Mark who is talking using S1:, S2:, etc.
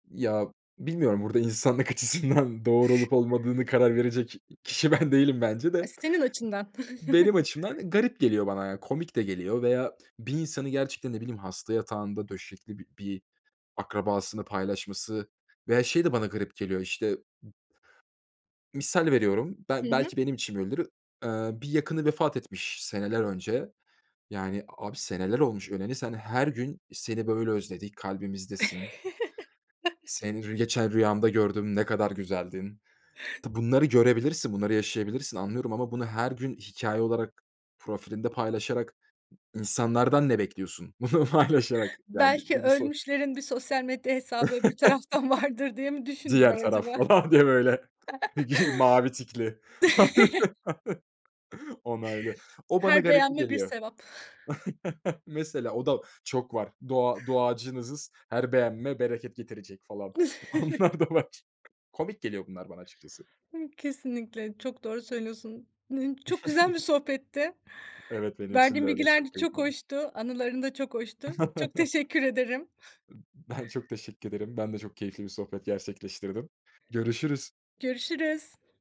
S1: Ya, bilmiyorum, burada insanlık açısından, doğru olup olmadığını karar verecek kişi ben değilim bence
S2: Aaa,
S1: de.
S2: senin açından.
S1: Benim açımdan, eee, garip geliyor bana. Ya, komik de geliyor veya bir insanı gerçekten, ne bileyim, hasta yatağında döşekli bi bir akrabasını paylaşması veya şey de bana garip geliyor işte misal veriyorum,
S2: Hı
S1: ben
S2: hı.
S1: belki benim için böyledir. Eee, bir yakını vefat etmiş seneler önce. Yani a abi seneler olmuş öleli, sen her gün seni böyle özledik, kalbimizdesin. Seni rü geçen rüyamda gördüm, ne kadar güzeldin. Tı bunları görebilirsin, bunları yaşayabilirsin anlıyorum ama bunu her gün hikâye olarak profilinde paylaşarak insanlardan ne bekliyorsun bunu paylaşarak? Yani bir
S2: Belki
S1: bunu so
S2: ölmüşlerin bir sosyal medya hesabı öbür taraftan vardır diye mi düşündüler
S1: Diğer taraf
S2: acaba?
S1: falan diye böyle gi mavi tikli. Onaylı. O bana
S2: Her
S1: garip
S2: beğenme bir
S1: geliyor.
S2: sevap.
S1: Mesela o da çok var. Dua duacınızız, her beğenme bereket getirecek falan, onlar da var. Komik geliyor bunlar bana açıkçası.
S2: Iıı, kesinlikle, çok doğru söylüyorsun. Iıı, çok güzel bir sohbetti.
S1: Evet, benim için de
S2: Verdiğin
S1: öyle,
S2: bilgiler de
S1: çok keyif
S2: çok
S1: aldım.
S2: hoştu, anıların da çok hoştu. Çok teşekkür ederim.
S1: I ben çok teşekkür ederim. Ben de çok keyifli bir sohbet gerçekleştirdim. Görüşürüz.
S2: Görüşürüz.